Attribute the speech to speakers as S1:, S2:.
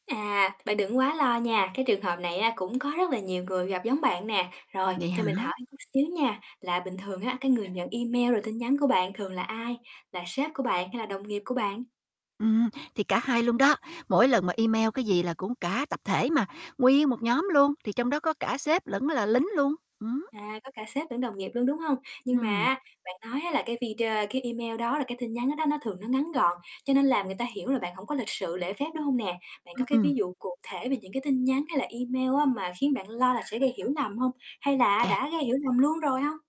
S1: À, bạn đừng quá lo nha, cái trường hợp này á cũng có rất là nhiều người gặp giống bạn nè. Rồi,
S2: Vậy
S1: cho
S2: hả?
S1: mình hỏi chút xíu nha, là bình thường á cái người nhận email, rồi tin nhắn của bạn thường là ai, là sếp của bạn, hay là đồng nghiệp của bạn?
S2: Ừm, thì cả hai luôn đó, mỗi lần mà email cái gì là cũng cả tập thể mà, nguyên một nhóm luôn, thì trong đó có cả sếp lẫn là lính luôn. Ừm hứm.
S1: À, có cả sếp lẫn đồng nghiệp luôn, đúng hông? Nhưng mà
S2: Ừm.
S1: á bạn nói á là cái video cái email đó là cái tin nhắn đó đó, nó thường nó ngắn gọn, cho nên làm người ta hiểu là bạn hổng có lịch sự, lễ phép, đúng hông nè? Bạn
S2: Ưm,
S1: có cái
S2: ừm.
S1: ví dụ cụ thể về những cái tin nhắn, hay là email á mà khiến bạn lo là sẽ gây hiểu nầm hông? Hay là á
S2: À.
S1: đã gây hiểu lầm luôn rồi hông?